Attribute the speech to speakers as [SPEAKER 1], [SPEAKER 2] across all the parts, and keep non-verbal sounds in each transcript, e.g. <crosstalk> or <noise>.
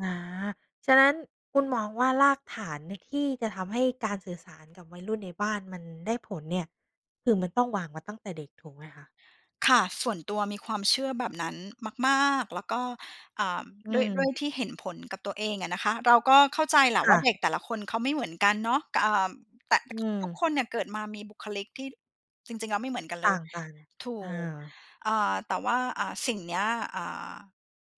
[SPEAKER 1] อา ฉะนั้นคุณมองว่ารากฐานใน ที่จะทำให้การสื่อสารกับวัยรุ่นในบ้านมันได้ผลเนี่ย คือมันต้องวางมาตั้งแต่เด็กถูกไหมคะ?
[SPEAKER 2] ค่ะ ส่วนตัวมีความเชื่อแบบนั้นมาก ๆ แล้วก็ อ่า
[SPEAKER 1] อื
[SPEAKER 2] ด้วย ด้
[SPEAKER 1] ม
[SPEAKER 2] วยที่เห็นผลกับตัวเองอะนะคะ เราก็เข้าใจแหละ
[SPEAKER 1] ค
[SPEAKER 2] ว
[SPEAKER 1] ่
[SPEAKER 2] ่า
[SPEAKER 1] ะ
[SPEAKER 2] เด็กแต่ละคนเขาไม่เหมือนกันเนาะ ก อ่า แต่
[SPEAKER 1] อื
[SPEAKER 2] ทุก
[SPEAKER 1] ม
[SPEAKER 2] คนเนี่ยเกิดมามีบุคลิกที่จริง ๆ แล้วไม่เหมือนกัน
[SPEAKER 1] ต
[SPEAKER 2] เลย
[SPEAKER 1] ่าง
[SPEAKER 2] ถู
[SPEAKER 1] ๆ เออ
[SPEAKER 2] ก อ่า แต่ว่า อ่า สิ่งเนี้ย อ่า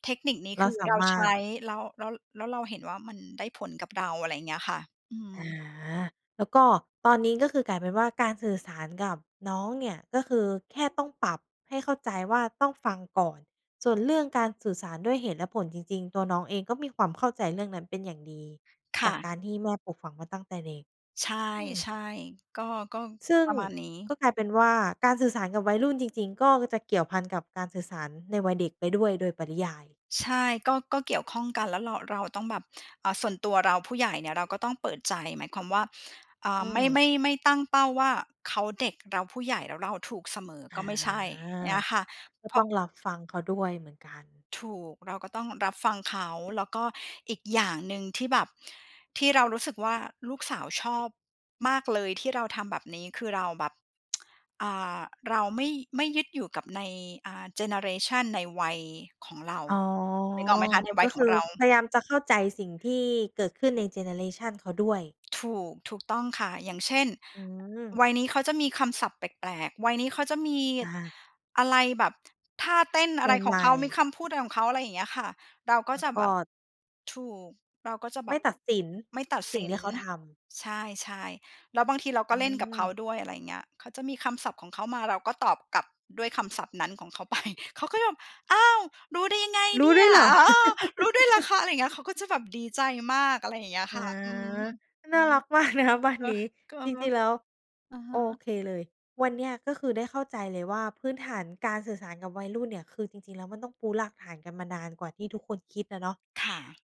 [SPEAKER 2] เทคนิคนี้
[SPEAKER 1] เร
[SPEAKER 2] ค
[SPEAKER 1] า
[SPEAKER 2] ือ
[SPEAKER 1] สา
[SPEAKER 2] เรา
[SPEAKER 1] ม
[SPEAKER 2] ใ
[SPEAKER 1] า
[SPEAKER 2] ช
[SPEAKER 1] รถ
[SPEAKER 2] ้ แล้ว แล้ว แล้วเราเห็นว่ามันได้ผลกับเรา อะไรอย่างเงี้ยค่ะ อื
[SPEAKER 1] อา
[SPEAKER 2] ม
[SPEAKER 1] แล้วก็ตอนนี้ก็คือกลายเป็นว่าการสื่อสารกับน้องเนี่ยก็คือแค่ต้องปรับให้เข้าใจว่าต้องฟังก่อน ส่วนเรื่องการสื่อสารด้วยเหตุและผลจริง ๆ ตัวน้องเองก็มีความเข้าใจเรื่องนั้นเป็นอย่างดี
[SPEAKER 2] ค
[SPEAKER 1] จ
[SPEAKER 2] ่
[SPEAKER 1] ากก
[SPEAKER 2] ะ
[SPEAKER 1] ารที่แม่ปลูกฝังมาตั้งเด็ก
[SPEAKER 2] ใช่
[SPEAKER 1] อืม
[SPEAKER 2] ใช่ ก็ ก็
[SPEAKER 1] ซึ่ง
[SPEAKER 2] ประมาณนี้
[SPEAKER 1] ก็กลายเป็นว่าการสื่อสารกับวัยรุ่นจริง ๆ ก็จะเกี่ยวพันกับการสื่อสารในวัยเด็กไปด้วยโดยปริยาย
[SPEAKER 2] ใช่ ก็ ก็เกี่ยวข้องกัน แล้วเรา เราต้องแบบ อ่า ส่วนตัวเรา ผู้ใหญ่เนี่ยเราก็ต้องเปิดใจหมายความว่า อ่
[SPEAKER 1] อื
[SPEAKER 2] า ไม่
[SPEAKER 1] ม
[SPEAKER 2] ไม่ ไม่ตั้งเป้าว่า "เขาเด็ก เราผู้ใหญ่ แล้วเราถูกเสมอ"
[SPEAKER 1] อา
[SPEAKER 2] ก็ไม่ใช่ อย่างงี้ค่ะ
[SPEAKER 1] ก็
[SPEAKER 2] เพร
[SPEAKER 1] ต้
[SPEAKER 2] า
[SPEAKER 1] อ
[SPEAKER 2] ะ
[SPEAKER 1] งรับฟังเขาด้วยเหมือนกัน
[SPEAKER 2] ถูก เราก็ต้องรับฟังเขา แล้วก็อีกอย่างหนึ่งที่แบบ ที่เรารู้สึกว่าลูกสาวชอบมากเลยที่เราทำแบบนี้ คือเราแบบ <tsk> อ่า เราไม่ ไม่ยึดอยู่กับใน อ่า เจเนอเรชันในวัยของเรา
[SPEAKER 1] อ๋อ
[SPEAKER 2] นึกออกไหมคะ ในว
[SPEAKER 1] ก
[SPEAKER 2] ั
[SPEAKER 1] ็
[SPEAKER 2] ยข
[SPEAKER 1] ค
[SPEAKER 2] อ
[SPEAKER 1] ื
[SPEAKER 2] ง
[SPEAKER 1] อ
[SPEAKER 2] เรา
[SPEAKER 1] พยายามจะเข้าใจสิ่งที่เกิดขึ้นในเจเนอเรชันเขาด้วย
[SPEAKER 2] ถูก ถูกต้องค่ะ อย่างเช่น
[SPEAKER 1] อืม
[SPEAKER 2] วัยนี้เขาจะมีคำศัพท์แปลก ๆ วัยนี้เขาจะมี
[SPEAKER 1] อา
[SPEAKER 2] อะไรแบบ ท่าเต้นอ
[SPEAKER 1] ใ
[SPEAKER 2] ะไรขอ
[SPEAKER 1] หม
[SPEAKER 2] งเ
[SPEAKER 1] ่
[SPEAKER 2] ขา
[SPEAKER 1] ๆ
[SPEAKER 2] มีคำพูดอะไรของเขา อะไรอย่างเงี้ยค่ะ เราก็
[SPEAKER 1] แล้ว
[SPEAKER 2] จะ
[SPEAKER 1] ก
[SPEAKER 2] แบ
[SPEAKER 1] ็
[SPEAKER 2] บ ถูก เราก็จะแ
[SPEAKER 1] ไ
[SPEAKER 2] บ
[SPEAKER 1] ม่
[SPEAKER 2] บ
[SPEAKER 1] ตัดสิน
[SPEAKER 2] ไม่ตัด
[SPEAKER 1] สิ
[SPEAKER 2] ส
[SPEAKER 1] ่ง
[SPEAKER 2] ิ
[SPEAKER 1] ที
[SPEAKER 2] น
[SPEAKER 1] ่เขาทำ
[SPEAKER 2] ใช่ ๆ แล้วบางทีเรา
[SPEAKER 1] อ
[SPEAKER 2] ก
[SPEAKER 1] ื
[SPEAKER 2] ็เล่นกับเข
[SPEAKER 1] ม
[SPEAKER 2] าด้วย อะไรอย่างเงี้ย เขาจะมีคำศัพท์ของเขามา เราก็ตอบกลับด้วยคำศัพท์นั้นของเขา ไป เขาก็แบบ "อ้าว รู้ได้ไง
[SPEAKER 1] รู
[SPEAKER 2] เน
[SPEAKER 1] ้
[SPEAKER 2] ี
[SPEAKER 1] ด
[SPEAKER 2] ่
[SPEAKER 1] ้ว
[SPEAKER 2] ย?
[SPEAKER 1] ยเหรอ?
[SPEAKER 2] อ๋อ รู้ด้วยเหรอ
[SPEAKER 1] <laughs>
[SPEAKER 2] คะ?" อะไรอย่างเงี้ย เขาก็จะแบบดีใจมาก อะไรอย่างเงี้ย
[SPEAKER 1] อ
[SPEAKER 2] ค
[SPEAKER 1] า
[SPEAKER 2] ่ะ อืม อื
[SPEAKER 1] น่าร
[SPEAKER 2] ม
[SPEAKER 1] ัก มากนะคะ บ้าน
[SPEAKER 2] ก็
[SPEAKER 1] นี้
[SPEAKER 2] ก็
[SPEAKER 1] จร
[SPEAKER 2] ก็เ
[SPEAKER 1] ิง
[SPEAKER 2] ล
[SPEAKER 1] ๆ แล
[SPEAKER 2] ย
[SPEAKER 1] ้ว
[SPEAKER 2] อะฮ
[SPEAKER 1] โอ
[SPEAKER 2] ะ
[SPEAKER 1] เคเลย วันนี้ ก็คือได้เข้าใจเลยว่าพื้นฐานการสื่อสารกับวัยรุ่นเนี่ย คือจริง ๆ แล้วมันต้องปูรากฐานกันมานานกว่าที่ทุกคนคิดอะเนาะ
[SPEAKER 2] ค่ะ